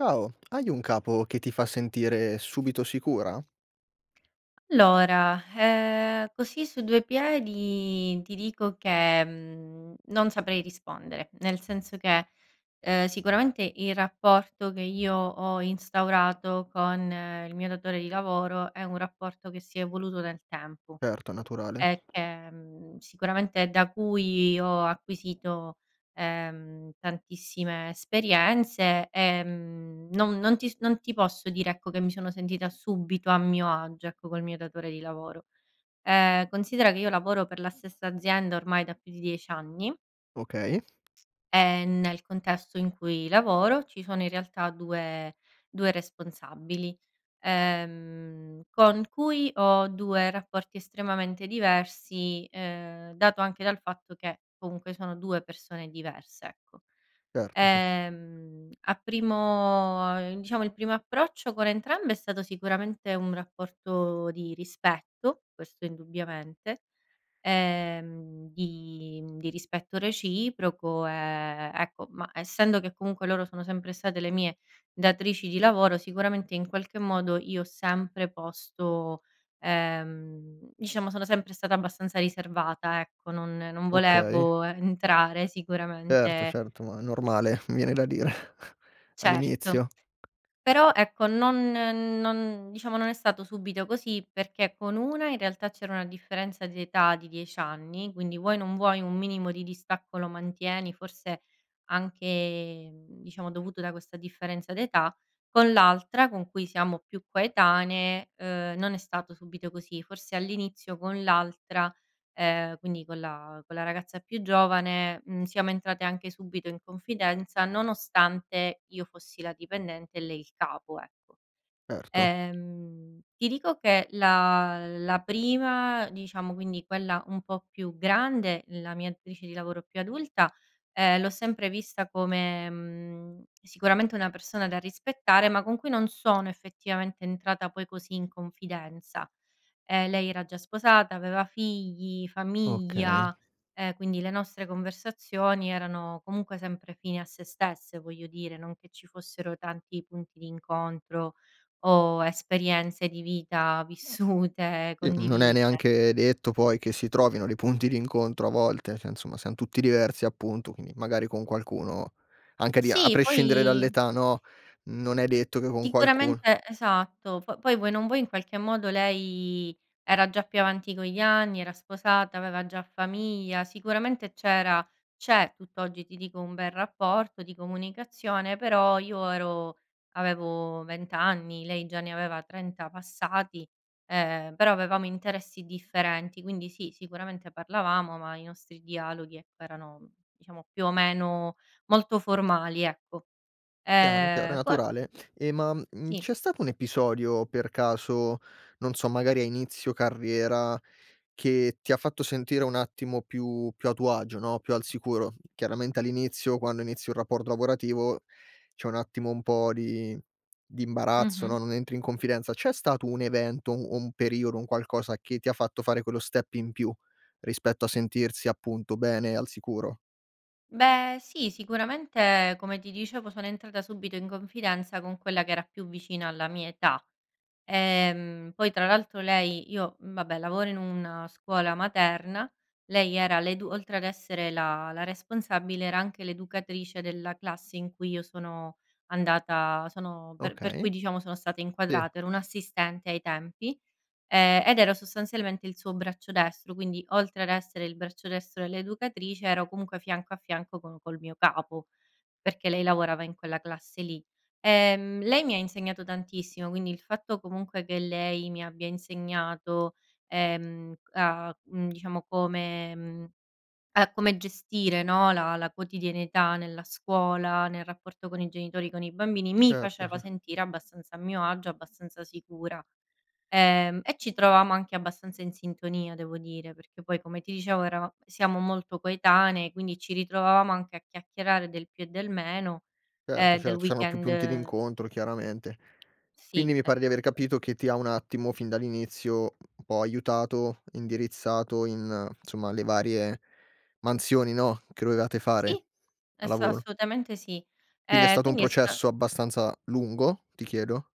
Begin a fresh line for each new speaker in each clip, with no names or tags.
Ciao! Hai un capo che ti fa sentire subito sicura?
Allora, eh, così su due piedi ti dico che, mhmm, non saprei rispondere. Nel senso che, ehm, sicuramente il rapporto che io ho instaurato con il mio datore di lavoro è un rapporto che si è evoluto nel tempo
Certo naturale.
e che mhmm, sicuramente da cui ho acquisito, ehm, tantissime esperienze. Ehm, non non ti non ti posso dire ecco che mi sono sentita subito a mio agio ecco col mio datore di lavoro. Ehm considera che io lavoro per la stessa azienda ormai da più di 10 anni
Okay.
e nel contesto in cui lavoro ci sono in realtà 2, 2 responsabili. Ehm, con cui ho 2 rapporti estremamente diversi, ehm, dato anche dal fatto che comunque sono 2 persone diverse ecco.
Certo sì.
Ehm a primo diciamo il primo approccio con entrambe è stato sicuramente un rapporto di rispetto, questo indubbiamente, ehm, di di rispetto reciproco, ehm, ecco ma, essendo che comunque loro sono sempre state le mie datrici di lavoro sicuramente in qualche modo io ho sempre posto ehm, diciamo sono sempre stata abbastanza riservata ecco. Non non
Okay.
volevo entrare
Erto,
sicuramente
certo ma normale mi viene da dire
Certo
all'inizio.
però, ecco non non diciamo non è stato subito così perché con una in realtà c’era una differenza d’età di 10 anni. Quindi vuoi o non vuoi, un minimo di distacco lo mantieni, forse anche, mhmm, diciamo dovuto da questa differenza d’età. Con l’altra con cui siamo più coetanee, ehm, non è stato subito così. Forse all’inizio con l’altra, ehm, quindi con la con la ragazza più giovane, mhmm, siamo entrate anche subito in confidenza nonostante io fossi la dipendente e lei il capo, ecco.
Erto.
Ehm, ti dico che la la prima, diciamo quindi quella un po’ più grande, la mia datrice di lavoro più adulta, ehm, l’ho sempre vista come, mhmm, sicuramente una persona da rispettare ma con cui non sono effettivamente entrata poi così in confidenza. Ehm, lei era già sposata, aveva figli,
Okay.
famiglia, ehm, quindi le nostre conversazioni erano comunque sempre fini a sé stesse voglio dire, non che ci fossero tanti punti d’incontro o esperienze di vita vissute
I m non è
condivise.
neanche detto poi che si trovino dei punti d'incontro a volte, cioè insomma siam tutti diversi appunto, quindi magari con qualcuno, anche a di a
Sì
prescindere
poi
dall'età no, non è detto che con qualcun
sicuramente Esatto po poi vuoi o non vuoi in qualche modo lei era già più avanti con gli anni, era sposata aveva già famiglia sicuramente c’era c’è tutt’oggi, ti dico, un bel rapporto di comunicazione. Però io ero avevo 20 anni, lei già ne aveva 30 passati, ehm, però avevamo interessi differenti quindi sì, sicuramente parlavamo ma i nostri dialoghi ecco erano diciamo più o meno molto formali ecco.
Chiaro, chiaro, è
Ehm co
naturale. E ma, uhm,
Sì.
c'è stato un episodio per caso, non so magari a inizio carriera, che ti ha fatto sentire un attimo più più a tuo agio no, più al sicuro? Chiaramente all'inizio, quando inizi un rapporto lavorativo c'è un attimo un po' di di imbarazzo no,
Mh-mh.
non entri in confidenza. C'è stato un evento, o un un periodo, un qualcosa che ti ha fatto fare quello step in più rispetto a sentirsi appunto bene e al sicuro?
Beh, sì sicuramente come ti dicevo sono entrata subito in confidenza con quella che era più vicina alla mia età. Ehm, poi tra l’altro lei io vabbè lavoro in una scuola materna, lei era l'edu oltre ad essere la la responsabile era anche l’educatrice della classe in cui io sono andata sono per per
Okay,
cui diciamo sono stata
sì.
inquadrata. Ero un’assistente ai tempi, ehm, ed ero sostanzialmente il suo braccio destro quindi a essere il braccio destro dell’educatrice ero comunque fianco a fianco co col mio capo, perché lei lavorava in quella classe lì. Ehm, lei mi ha insegnato tantissimo quindi il fatto comunque che lei mi abbia insegnato, ehm, a c diciamo come mhmm, a come gestire no la la quotidianità nella scuola, nel rapporto con i genitori, con i bambini, mi
Certo,
faceva
ce
sentire abbastanza a mio agio, abbastanza sicura. Ehm, e ci trovavamo anche abbastanza in sintonia devo dire perché poi come ti dicevo, erava siamo molto coetanee quindi ci ritrovavamo anche a chiacchierare del più e del meno, e
Certo,
del
cer c'eran più punti
weekend
d'incontro chiaramente. Quindi
Sì
mi pare di aver
esatto.
capito che ti ha un attimo, fin dall'inizio, un po' aiutato, indirizzato in insomma le varie mansioni no, che dovevate fare,
Sì
a
es
lavoro.
assolutamente sì.
Quindi è
Ehm
stato un
quindi è sta
processo abbastanza lungo, ti chiedo?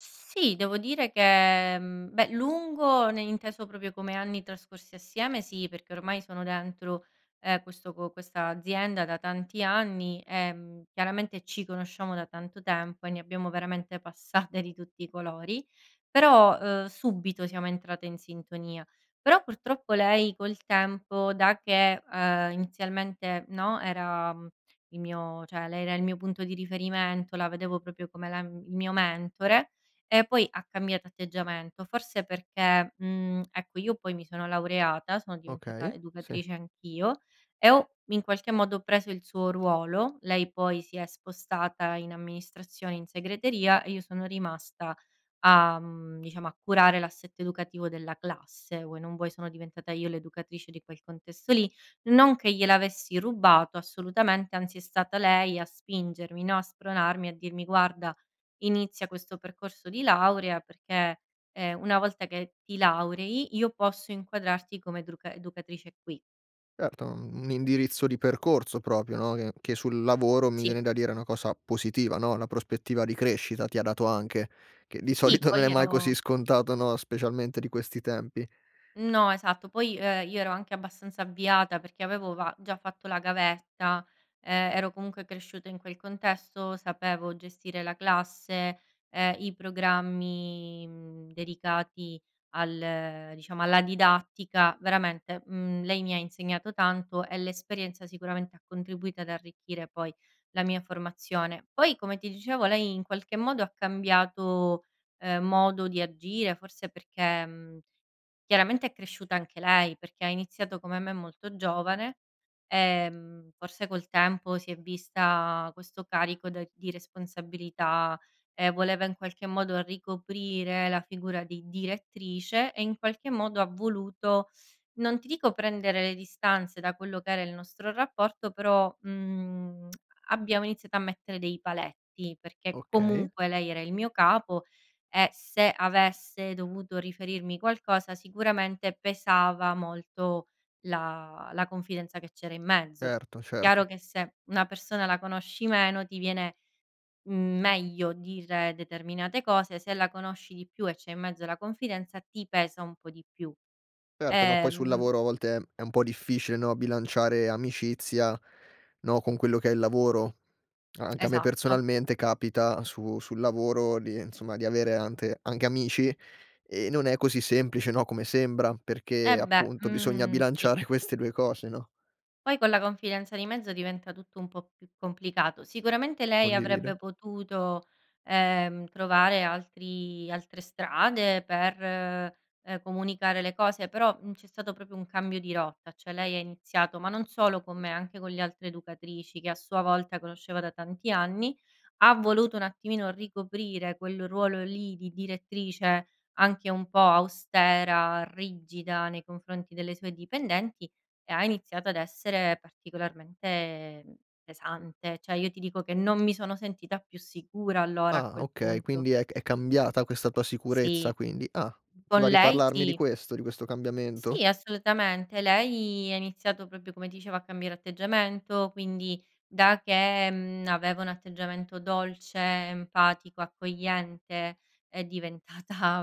Sì devo dire che, mhmm, beh lungo ne inteso proprio come anni trascorsi assieme sì, perché ormai sono dentro, ehm, questo co questa azienda da tanti anni. Ehm, chiaramente ci conosciamo da tanto tempo e ne abbiamo veramente passate di tutti i colori, però, ehm, subito siamo entrate in sintonia. Però purtroppo lei col tempo da che, ehm, inizialmente no, era il mio cioè lei era il mio punto di riferimento, la vedevo proprio come la il mio mentore, e poi ha cambiato atteggiamento. Forse perché mhmm, ecco io poi mi sono laureata, sono diventata
Okay, sì.
educatrice anch’io e ho in qualche modo preso il suo ruolo. Lei poi si è spostata in amministrazione, in segreteria e io sono rimasta a, mhmm, diciamo a curare l’assetto educativo della classe. Vuoi o non vuoi, sono diventata io l’educatrice di quel contesto lì. Non che gliel’avessi rubato assolutamente anzi è stata lei a spingermi no, a spronarmi, a dirmi: “Guarda inizia questo percorso di laurea perché, ehm, una volta che ti laurei io posso inquadrarti come educra educatrice qui”.
Erto, un indirizzo di percorso proprio no, che che sul lavoro, mi
Sì.
viene da dire, una cosa positiva no, una prospettiva di crescita ti ha dato anche, che di
Sì
solito
poi
non è
io
mai così
ero
scontato no, specialmente di questi tempi.
No esatto. Poi, ehm, io ero anche abbastanza avviata perché avevo va già fatto la gavetta. Ehm, ero comunque cresciuta in quel contesto, sapevo gestire la classe, ehm, i programmi mhmm, dedicati al diciamo alla didattica; veramente, mhmm, lei mi ha insegnato tanto e l'esperienza sicuramente ha contribuito ad arricchire poi la mia formazione. Poi come ti dicevo lei in qualche modo ha cambiato, ehm, modo di agire forse perché mhmm, chiaramente è cresciuta anche lei. Perché ha iniziato come me molto giovane, ehm, forse col tempo si è vista questo carico da di responsabilità. E voleva in qualche modo ricoprire la figura di direttrice e in qualche modo ha voluto, non ti dico prendere le distanze da quello che era il nostro rapporto però, mhmm, abbiamo iniziato a mettere dei paletti perché
Okay.
comunque lei era il mio capo e se avesse dovuto riferirmi qualcosa sicuramente pesava molto la la confidenza che c'era in mezzo.
Erto,
Chiaro
certo.
che se una persona la conosci meno ti viene meglio dire determinate cose, se la conosci di più e c'è in mezzo la confidenza ti pesa un po' di più.
Certo no, poi sul
Ehm
lavoro a volte è un po' difficile no, bilanciare amicizia, no, con quello che è il lavoro. Anche a me
Esatto.
personalmente capita su sul lavoro di insomma, di avere ante anche amici e non è così semplice no, come sembra, perché
Eh beh,
appunto bisogna
mhmm, sì.
bilanciare queste 2 cose, no.
Poi con la confidenza di mezzo diventa tutto un po' più complicato. Sicuramente lei
Condivido.
avrebbe potuto, ehm, trovare altri altre strade per, ehm, comunicare le cose. Però, uhm, c'è stato proprio un cambio di rotta, cioè lei ha iniziato ma non solo con me anche con le altre educatrici che a sua volta conosceva da tanti anni, ha voluto un attimino ricoprire quel ruolo lì di direttrice anche un po' austera, rigida, nei confronti delle sue dipendenti e ha iniziato ad essere particolarmente pesante. Cioè io ti dico che non mi sono sentita più sicura allora a
Ah,
quel
okay.
punto.
Quindi è ca è cambiata questa tua sicurezza
Sì.
quindi. Ah! Ti va
Con
a
lei
parlarmi di
sì.
questo di questo cambiamento?
Sì assolutamente. Lei ha iniziato proprio come ti dicevo, a cambiare atteggiamento quindi da che, mhmm, aveva un atteggiamento dolce, empatico, accogliente, è diventata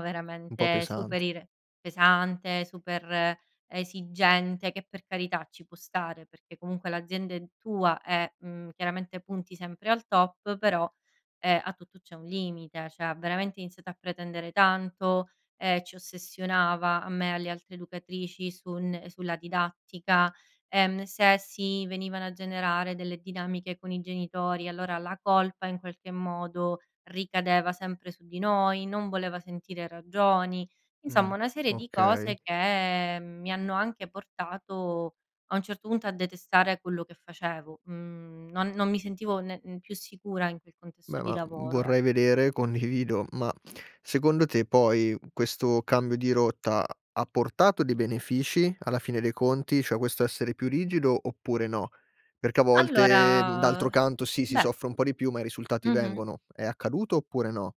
Un po'
veramente super
pesante.
ire pesante, super esigente che, per carità, ci può stare, perché comunque l'azienda è tua e, mhmm, chiaramente punti sempre al top però, eh, a tutto c'è un limite. Cioè, ha veramente iniziato a pretendere tanto, ehm, ci ossessionava, a me e alle altre educatrici, su un sulla didattica. Ehm, se si venivano a generare delle dinamiche con i genitori allora la colpa in qualche modo ricadeva sempre su di noi. Non voleva sentire ragioni.
Mh,
Insomma una serie di
okay.
cose che mi hanno anche portato a un certo punto a detestare quello che facevo. Mhmm, non non mi sentivo ne più sicura in quel contesto
Beh
di
ma
lavoro ec
vorrei vedere, condivido. Ma secondo te poi questo cambio di rotta ha portato dei benefici alla fine dei conti, cioè questo essere più rigido oppure no? Perché a volte d'altro
Allora,
canto si si
beh
soffre un po' di più ma i risultati
Mh-mh.
vengono. È accaduto oppure no?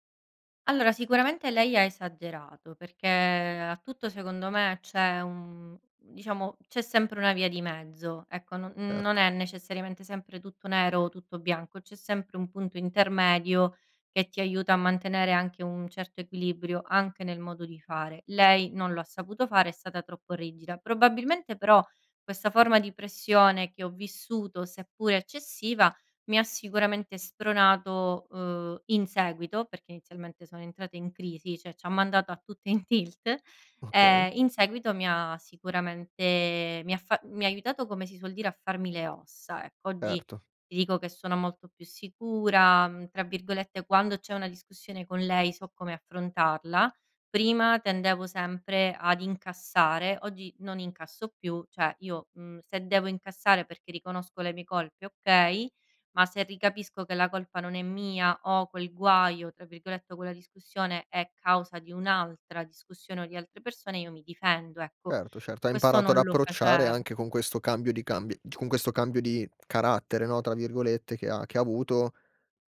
Allora sicuramente lei ha esagerato perché a tutto secondo me c’è un diciamo, c’è sempre una via di mezzo ecco. Non non
Erto.
è necessariamente sempre tutto nero o tutto bianco c’è sempre un punto intermedio che ti aiuta a mantenere anche un certo equilibrio, anche nel modo di fare. Lei non lo ha saputo fare, è stata troppo rigida. Probabilmente però questa forma di pressione che ho vissuto seppure eccessiva mi ha sicuramente spronato, uhm, in seguito, perché inizialmente siamo entrate in crisi, cioè ci ha mandato a tutte in tilt.
Okay.
Ehm, in seguito mi ha sicuramente mi ha fa mi ha aiutato come si suol dire "a farmi le ossa" ecco. Oggi
Erto.
ti dico che sono molto "più sicura", mhmm, tra virgolette quando c’è una discussione con lei so come affrontarla. Prima tendevo sempre ad incassare, oggi non incasso più, cioè io, mhmm, se devo incassare perché riconosco le mie colpe okay, ma se ricapisco che la colpa non è mia o quel "guaio" tra virgolette, o quella discussione è causa di un’altra discussione o di altre persone io mi difendo. Ecco,
Certo, certo, hai
questo
imparato ad
non lo
approcciare
facev
anche con questo cambio di cambi con questo cambio di "carattere", no, tra virgolette, che ha che ha avuto.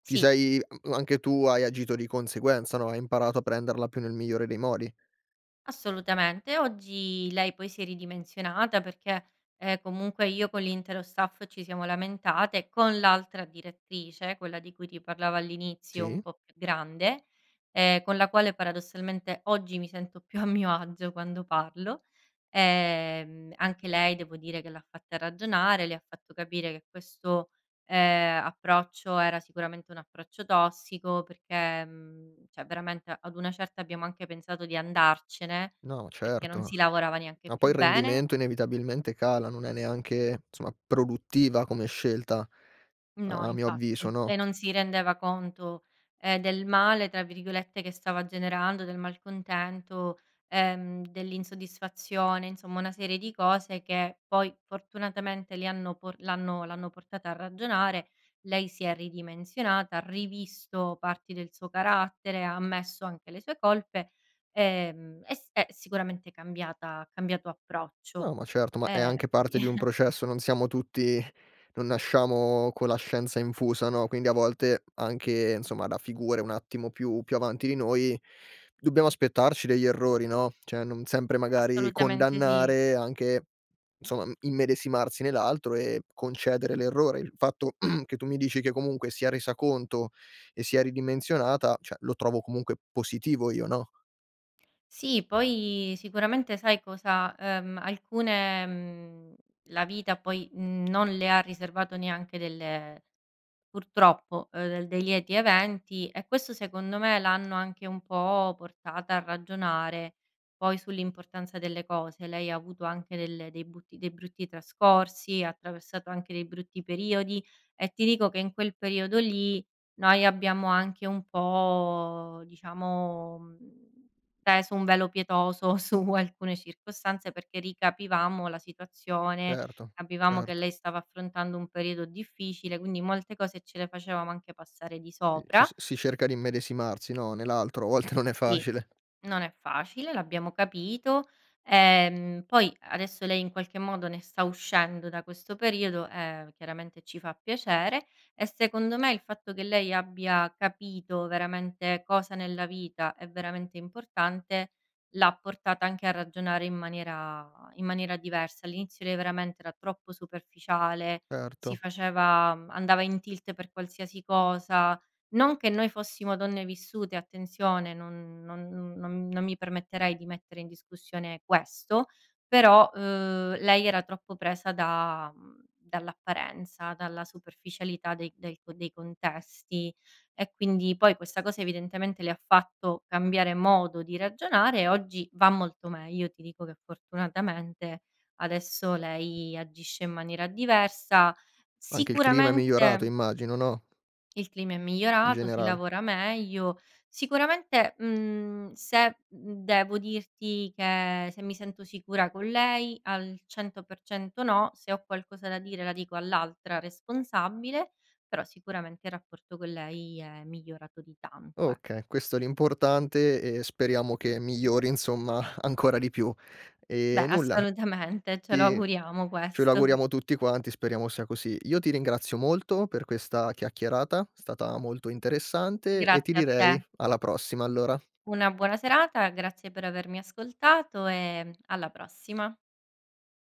Ti
Sì.
sei a anche tu hai agito di conseguenza, no, hai imparato a prenderla più nel migliore dei modi.
Assolutamente oggi lei poi si è ridimensionata perché, ehm, comunque io con l’intero staff ci siamo lamentate con l’altra direttrice, quella di cui ti parlavo all’inizio, un
Sì.
po’ più grande, ehm, con la quale paradossalmente oggi mi sento più a mio agio quando parlo. Ehm, anche lei devo dire che l’ha fatta ragionare, le ha fatto capire che questo, ehm, approccio era sicuramente un approccio tossico perché mhmm, cioè veramente ad una certa abbiamo anche pensato di andarcene
No,
perché non
certo.
si lavorava neanche
Ma poi
più
il
bene
rendimento inevitabilmente cala. Non è neanche insomma produttiva come scelta
No
a a mio avviso
infatti.
no?
E non si rendeva conto, ehm, del "male" tra virgolette che stava generando, del malcontento, ehm, dell’insoddisfazione, insomma una serie di cose che poi fortunatamente le hanno po l’hanno l’hanno portata a ragionare. Lei si è ridimensionata, ha rivisto parti del suo carattere, ha ammesso anche le sue colpe, ehm, e s è sicuramente cambiata. Ha cambiato approccio,
No, ma certo ma è
ehm,
anche
quindi
parte di un processo. Non siamo tutti non nasciamo con la scienza infusa no, quindi a volte anche insomma da figure un attimo più più avanti di noi dobbiamo aspettarci degli errori no, cioè non sempre magari
Assolutamente sì.
condannare anche insomma immedesimarsi nell'altro e concedere l'errore. Il fatto che tu mi dici che comunque si è resa conto e si è ridimensionata, cioè lo trovo comunque positivo io, no?
Sì. Poi sicuramente sai cosa, ehm, alcune mhmm, la vita poi, mhmm, non le ha riservato neanche delle purtroppo, ehm, dei lieti eventi, e questo secondo me l'hanno anche un po' portata a ragionare poi sull'importanza delle cose. Lei ha avuto anche delle dei butti dei brutti trascorsi, ha attraversato anche dei brutti periodi, e ti dico che in quel periodo lì noi abbiamo anche un po' diciamo, mhmm, peso un velo pietoso su alcune circostanze perché ricapivamo la situazione,
Erto,
capivamo che
certo.
lei stava affrontando un periodo difficile, quindi molte cose ce le facevamo anche passare di
Ehm, ci
sopra.
si si cerca di immedesimarsi, no, nell'altro. A volte non è
Sì.
facile.
Non è facile, l'abbiamo capito. Ehm, poi adesso lei in qualche modo ne sta uscendo da questo periodo, e chiaramente ci fa piacere. E secondo me il fatto che lei abbia capito veramente cosa nella vita è veramente importante, l'ha portata anche a ragionare in maniera in maniera diversa. All'inizio lei veramente era troppo superficiale, si
Erto.
faceva andava in tilt per qualsiasi cosa; non che noi fossimo donne vissute, attenzione, non non non non mi permetterei di mettere in discussione questo; però, ehm, lei era troppo presa da mhmm, dall'apparenza, dalla superficialità dei dei co dei contesti, e quindi poi questa cosa evidentemente le ha fatto cambiare modo di ragionare e oggi va molto meglio. Ti dico che fortunatamente adesso lei agisce in maniera diversa.
Anche il clima è migliorato
Sicuramente
immagino, no?
il clima è
In
migliorato, si
generale.
lavora meglio. Sicuramente, mhmm, se mhmm, devo dirti che se mi sento sicura con lei: al 100% no. Se ho qualcosa da dire la dico all'altra responsabile, però sicuramente il rapporto con lei è migliorato di tanto, eh.
Okay, questo è l'importante e speriamo che migliori, insomma ancora di più.
Beh,
Ehm, nulla.
assolutamente. Ce lo
E
auguriamo
ce lo
questo.
auguriamo tutti quanti, speriamo sia così. Io ti ringrazio molto per questa chiacchierata, è stata molto interessante e
Grazie
ti
a
direi
te.
alla prossima allora.
Una buona serata, grazie per avermi ascoltato, ehm, alla prossima.